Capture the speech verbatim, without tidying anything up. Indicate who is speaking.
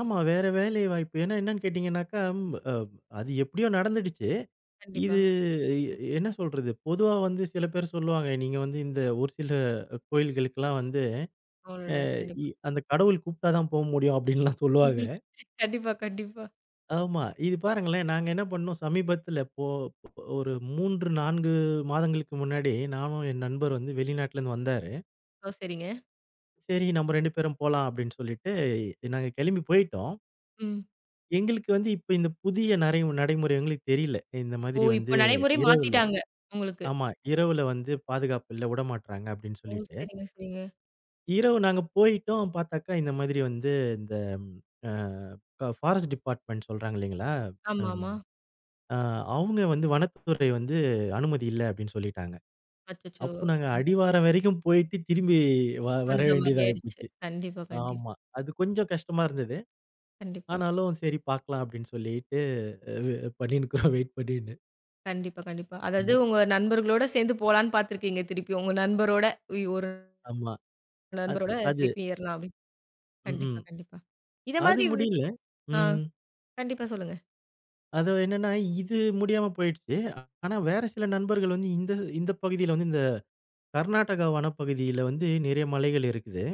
Speaker 1: ஆமா. வேற வேலை வாய்ப்பு. ஏன்னா என்னன்னு கேட்டீங்கன்னாக்கா, ம் அ அது எப்படியோ நடந்துடுச்சு,
Speaker 2: கண்டிப்பா.
Speaker 1: இது. இ என்ன சொல்றது? பொதுவா வந்து சில பேரு சொல்லுவாங்க. நீங்க வந்து இந்த ஒரு சில கோயில்களுக்கெல்லாம் வந்து,
Speaker 2: அவரோட.
Speaker 1: அ
Speaker 2: கண்டிப்பா.
Speaker 1: இ அந்த கடவுள் கூப்ட்டா தான் போ முடியும், அப்படின்லாம் சொல்லுவாங்க.
Speaker 2: கண்டிப்பா, கண்டிப்பா.
Speaker 1: ஆமா. இது பாருங்களேன்! நாங்க என்ன பண்ணோம்? சமீபத்தில போ ஒரு மூன்று, நான்கு மாதங்களுக்கு முன்னாடி, நானும் என் நண்பர் வந்து வெளிநாட்ல இருந்து வந்தாரு.
Speaker 2: ஓ, சரிங்க!
Speaker 1: சரி, நம்ம ரெண்டு பேரும் போலாம், அப்படின்னு சொல்லிட்டு, இ நாங்க கிளம்பி போயிட்டோம்.
Speaker 2: ம்.
Speaker 1: எங்களுக்கு வந்து இப்ப இந்த புதிய நரை நடைமுறை எங்களுக்கு தெரியில. இந்த
Speaker 2: ஓ!
Speaker 1: மாதிரி
Speaker 2: இப்போ
Speaker 1: வந்து
Speaker 2: நடைமுறை
Speaker 1: இரவுல
Speaker 2: மாத்திட்டாங்க? உங்களுக்கு.
Speaker 1: ஆமா. இரவுல வந்து பாதுகாப்பு இல்ல. உட மாட்றாங்க அப்படின்னு
Speaker 2: ஓ!
Speaker 1: சொல்லிட்டு.
Speaker 2: சரிங்க, சரிங்க.
Speaker 1: இரவு நாங்க போயிட்டோம், பார்த்தாக்க இந்த மாதிரி வந்து, இந்த அ ப பாரஸ்ட் டிபார்ட்மென்ட் சொல்றாங்க இல்லைங்களா? ம்.
Speaker 2: ஆமாமா.
Speaker 1: ஆ. அவங்க வந்து வனத்துறை வந்து அனுமதி இல்ல, அப்படின்னு சொல்லிட்டாங்க.
Speaker 2: அச்சச்சோ!
Speaker 1: அப்போ நாங்க அடிவாரம் வரைக்கும் போயிட்டு, திரும்பி வ
Speaker 2: அந்த
Speaker 1: வரவேண்டியதா
Speaker 2: மாரியாயிடுச்சு!
Speaker 1: ஆயிப்போச்சு.
Speaker 2: கண்டிப்பா, கண்டி
Speaker 1: ஆமா. அது கொஞ்சம் கஷ்டமா இருந்தது.
Speaker 2: கண்டிப்பா.
Speaker 1: ஆனாலும் சரி பார்க்கலாம், அப்படின்னு சொல்லிட்டு. வு பண்ணிண்ணு இருக்கோம், வெயிட் பண்ணின்னு.
Speaker 2: கண்டிப்பா, கண்டிப்பா. அதாது உங்க நண்பர்களோட சேர்ந்து போலாம்ன்னு பார்த்திருக்கீங்க. திருப்பி உங்க நண்பரோட, உய் ஒரு
Speaker 1: ஆமா! அத்
Speaker 2: நண்பரோட
Speaker 1: அது
Speaker 2: திருப்பி ஏறலாமே. கண்டிப்பா
Speaker 1: ம்ஹும்.
Speaker 2: கண்டிப்பா. இத
Speaker 1: அது
Speaker 2: மாதிரி வே
Speaker 1: முடில்ல.
Speaker 2: அ.
Speaker 1: ம்.
Speaker 2: கண்டிப்பா, சொல்லுங்க.
Speaker 1: அது என்னன்னா, இது முடியாம போயிடுச்சு. ஆனா வேறு சில நண்பர்கள் வந்து இந்த இந்த பகுதில வந்து, இந்த கர்நாடகா வனப்பகுதியில வந்து நிறைய மலைகள் இருக்குது.